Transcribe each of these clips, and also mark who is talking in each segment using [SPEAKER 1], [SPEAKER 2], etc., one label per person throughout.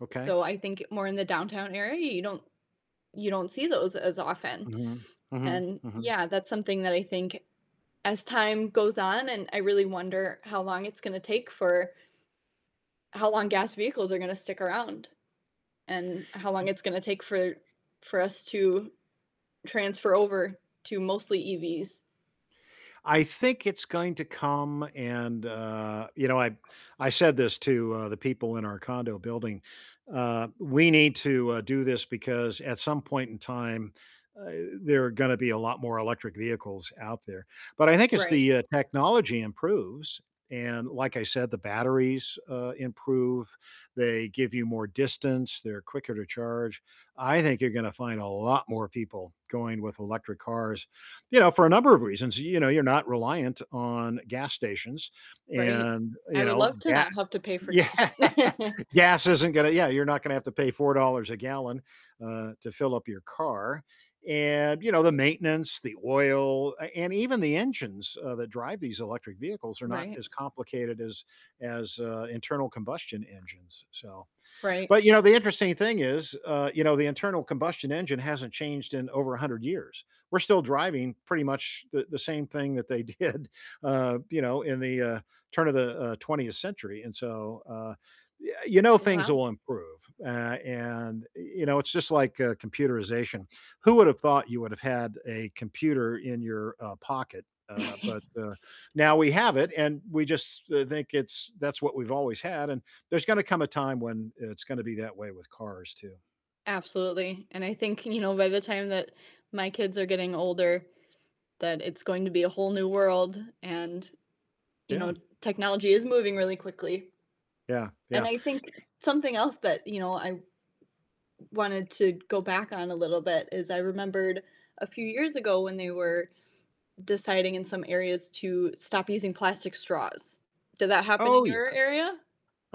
[SPEAKER 1] Okay.
[SPEAKER 2] So, I think more in the downtown area, you don't you don't see those as often,
[SPEAKER 1] Mhm, mhm,
[SPEAKER 2] and
[SPEAKER 1] mhm.
[SPEAKER 2] yeah, that's something that I think as time goes on, and I really wonder how long it's gonna take for How long gas vehicles are gonna stick around, and how long
[SPEAKER 1] Ye
[SPEAKER 2] it's gonna take for for us to transfer over to mostly EVs.
[SPEAKER 1] I think it's going to come and, uh, you know, I b I said this to, uh, the people in our condo building, uh, we need to, uh, do this because at some point in time, uh, there are gonna be a lot more electric vehicles out there. But I think as
[SPEAKER 2] Right.
[SPEAKER 1] the, uh, technology improves, and like I said, the batteries, uh, improve, they give you more distance, they're quicker to charge, I think you're gonna find a lot more people going with electric cars. You know, for a number of reasons, you know, you're not reliant on gas stations
[SPEAKER 2] Right,
[SPEAKER 1] and,
[SPEAKER 2] I
[SPEAKER 1] you
[SPEAKER 2] would
[SPEAKER 1] know,
[SPEAKER 2] love to
[SPEAKER 1] ga
[SPEAKER 2] not have to pay for
[SPEAKER 1] Yeah,
[SPEAKER 2] gas.
[SPEAKER 1] gas isn't gonna yeah, you're not gonna have to pay $4 a gallon, uh, to fill up your car, and, you know, the maintenance, the oil, a and even the engines, uh, that drive these electric vehicles are not
[SPEAKER 2] Right.
[SPEAKER 1] as complicated as as, uh, internal combustion engines, so,
[SPEAKER 2] Right.
[SPEAKER 1] but, you know, the interesting thing is, uh, you know, the internal combustion engine hasn't changed in over 100 years. We're still driving pretty much the the same thing that they did, uh, you know, in the, uh turn of the, uh, 20th century, and, so, uh, yea you know things
[SPEAKER 2] Wow.
[SPEAKER 1] will improve. Uh, and, i you know, it's just like, uh, computerization. Who would have thought you would have had a computer in your, uh, pocket? Uh, but, uh, now we have it, and we just, uh, think it's that's what we've always had, and there's gonna come a time when, uh, it's gonna be that way with cars, too.
[SPEAKER 2] Absolutely, and I think, you know, by the time that my kids are getting older, that it's going to be a whole new world, and, you
[SPEAKER 1] Yeah.
[SPEAKER 2] know, technology is moving really quickly.
[SPEAKER 1] Yeah,
[SPEAKER 2] And
[SPEAKER 1] yeah.
[SPEAKER 2] I think s something else that, you know, I w wanted to go back on a little bit is I remembered a few years ago when they were deciding in some areas to stop using plastic straws. Did that happen
[SPEAKER 1] Oh,
[SPEAKER 2] in
[SPEAKER 1] yeah.
[SPEAKER 2] your area?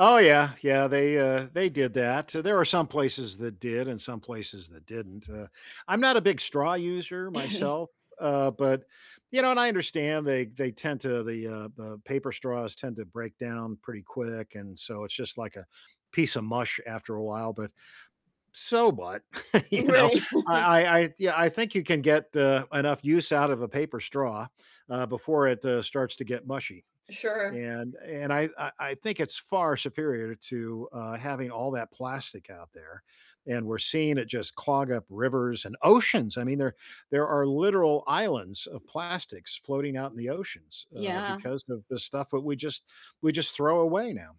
[SPEAKER 1] Oh, yeah, yeah, they, uh, they did that, there were some places that did, and some places that didn't. Uh, I'm not a big straw user myself, uh, but you know, and I understand they they tend to the uh, the paper straws tend to break down pretty quick, and, so, it's just like a piece of mush after a while. But, so, what, you
[SPEAKER 2] M
[SPEAKER 1] know,
[SPEAKER 2] right.
[SPEAKER 1] I I I, yeah, I think you can get, uh, enough use out of a paper straw, uh, before it, uh, starts to get mushy.
[SPEAKER 2] Sure.
[SPEAKER 1] And and I I I think it's far superior to, uh, having all that plastic out there, and we're seeing it just clog up rivers, and oceans, I mean, there there are literal islands of plastics floating out in the oceans, uh,
[SPEAKER 2] Yeah.
[SPEAKER 1] because of the stuff that we just we just throw away now.